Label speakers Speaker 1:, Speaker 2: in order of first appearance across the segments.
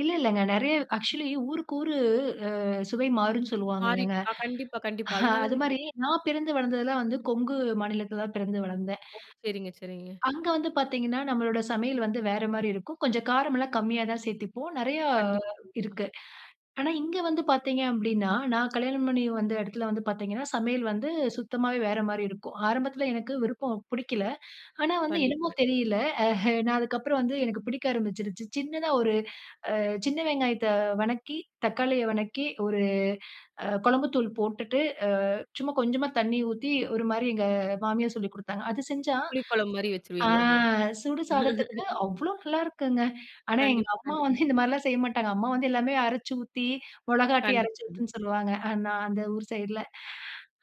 Speaker 1: இல்ல இல்லங்க. நிறைய ஆக்சுவலி ஊருக்கு ஊரு, அ சுவை மாறும்னு
Speaker 2: மாறி,
Speaker 1: சொல்வாங்கலங்க,
Speaker 2: ஆ கண்டிப்பா கண்டிப்பா, அதனால
Speaker 1: அது
Speaker 2: தான்
Speaker 1: மாரி
Speaker 2: கேட்டேன்.
Speaker 1: நான் பிறந்து வளர்ந்தது எல்லாம் வந்து, கொங்கு மாநிலத்துல தான் பிறந்து வளந்தேன்.
Speaker 2: ஓ! சரிங்க, சரிங்க.
Speaker 1: அங்க வந்து பாத்தீங்கனா, நம்ளுடைய சமையல் வந்து வேற மாரி இருக்கும். கொஞ்சம் காரம் எல்லாம் கம்மியா தான் சேத்துப்போம், நிறையா
Speaker 2: கண்டிப்பா. அ.
Speaker 1: இருக்கு. ஆனா, இங்கு வந்து பாத்தீங்க அப்படினா, நான் கல்யாணம் பண்ணி வந்த இடத்துல வந்து பாத்தீங்கனா, சமையல் வந்து சுத்தமாவே வேற மாரி இருக்கும், ஆரம்பத்ல எனக்கு விருப்பம், பிடிக்கல. ஆனா, வந்து என்னமோ
Speaker 2: கண்டிப்பா.
Speaker 1: தெரியல, அ நான் அதுக்கு அப்பறம் வந்து, எனக்கு பிடிக்க ஆரம்பிச்சுடுச்சு, சின்னதா ஒரு, அ சின்ன வெங்காயத்த வதக்கி, தக்காளிய வதக்கி, ஒரு அ குழம்பு தூள போட்டுட்டு, அ சும்மா கொஞ்சமா தண்ணீ ஊத்தி, ஒரு மாரி எங்க மாமியார் சொல்லிக் கொடுத்தாங்க, அது செஞ்சா
Speaker 2: புளிக்குழம்பு மாரி
Speaker 1: அ
Speaker 2: வச்சுருவீங்களோ?
Speaker 1: சுடு சாதத்துக்கு அவ்ளோ நல்லாயிருக்குங்க, ஆனா எங்க
Speaker 2: கண்டிப்பா
Speaker 1: அம்மா வந்து,
Speaker 2: கண்டிப்பா.
Speaker 1: இந்த மாதிரிலாம் செய்ய மாட்டாங்க, அம்மா வந்து எல்லாமே அரச்சு ஊத்தி, மொளகாட்டி
Speaker 2: கண்டிப்பா
Speaker 1: அரச்சு
Speaker 2: கண்டிப்பா.
Speaker 1: ஊத்துன்னு சொல்லுவாங்க, நான் அந்த ஊர் சைடுல,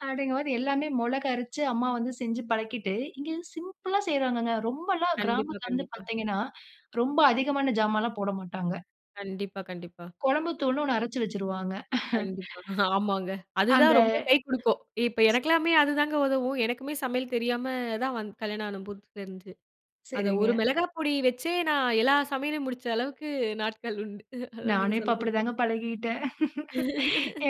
Speaker 1: அப்டிங்க போது எல்லாமே மிளகு அரச்சு அம்மா வந்து செஞ்சு பழக்கிட்டு, இங்கே சிம்பிளா செய்றாங்கங்க, ரொம்பலாம்
Speaker 2: கண்டிப்பா
Speaker 1: கிராமத்ல வந்து
Speaker 2: கண்டிப்பா.
Speaker 1: பாத்தீங்கன்னா, ரொம்ப அதிகமான சாமான்லாம் போட மாட்டாங்க.
Speaker 2: கண்டிப்பா கண்டிப்பா.
Speaker 1: குழம்பு தூள்னு ஒண்ணு அரச்சு வச்சிருவாங்க
Speaker 2: கண்டிப்பா ஆமாங்க.
Speaker 1: அந்த
Speaker 2: அதுதான் ரொம்ப கை கொடுக்கும், இப்ப எனக்கெல்லாமே அதுதாங்க உதவும், எனக்குமே சமையல் தெரியாம தான், வ கல்யாணம் ஆன புதுசு தெரிஞ்சு, அது ஒரு
Speaker 1: சரிங்க.
Speaker 2: மிளகாய் பொடி பொடி வச்சே, நான் எல்லா சமையலயும், முடிச்ச அளவுக்கு நாட்கள் உண்டு, நீங்க
Speaker 1: நானும் இப்போ அப்டி
Speaker 2: சொல்லும்போது,
Speaker 1: தாங்க பழகிட்டேன்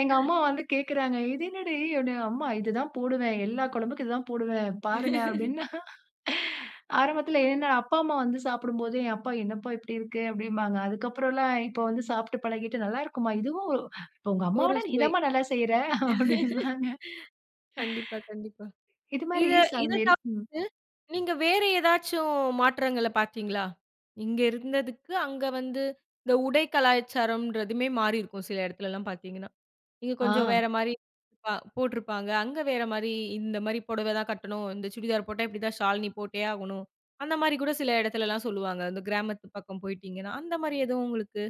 Speaker 1: எங்க அம்மா வந்து கேட்குறாங்க, "இது என்னடி?", அப்படீன்னு. "அம்மா, இது தான் போடுவேன், எல்லா குழம்புக்கும் இதான் போடுவேன், பாருங்க", அப்டினு. ஆரம்பத்ல, என்னோட அப்பா, அம்மா வந்து சாப்டும்போது, என் அப்பா, "என்னப்பா இப்படி இருக்கு?", அப்படின்பாங்க, அதுக்ப்பறலாம், இப்போ வந்து சாப்பிட்டு பழகிட்டு, "நல்லாருக்குமா. இதுவும் உங்க
Speaker 2: ஒரு
Speaker 1: அம்மாவோட நீ
Speaker 2: சுவை.
Speaker 1: தான்மா நல்லா செய்யுற", அப்டின்பாங்க.
Speaker 2: கண்டிப்பா கண்டிப்பா,
Speaker 1: இது மாரி
Speaker 2: இத இத
Speaker 1: சமையல், ம்.
Speaker 2: தவிர்த்து, நீங்க வேறு ஏதாச்சும் மாற்றங்கள பாத்தீங்களா? இங்கே இருந்ததுக்கு அங்க வந்து இந்த உடை கலாச்சாரம்ன்றதுமே மாறியிருக்கும். சில இடத்துலலாம் பாத்திங்கன்னா, இங்க கொஞ்சம்
Speaker 1: ஆ.
Speaker 2: வேற மாரி, ப போட்ருப்பாங்க, அங்க வேற மாரி இந்த மாரி புடவதான் கட்டணும், இந்த சுடிதார் போட்டா, இப்டி தான் ஷால் நீ போட்டே ஆகணும், அந்த மாரி கூட சில இடத்துலலாம் சொல்லுவாங்க, அந்த கிராமத்து பக்கம் போயிட்டீங்கன்னா, அந்த மாதிரி எதுவும் உங்களுக்கு?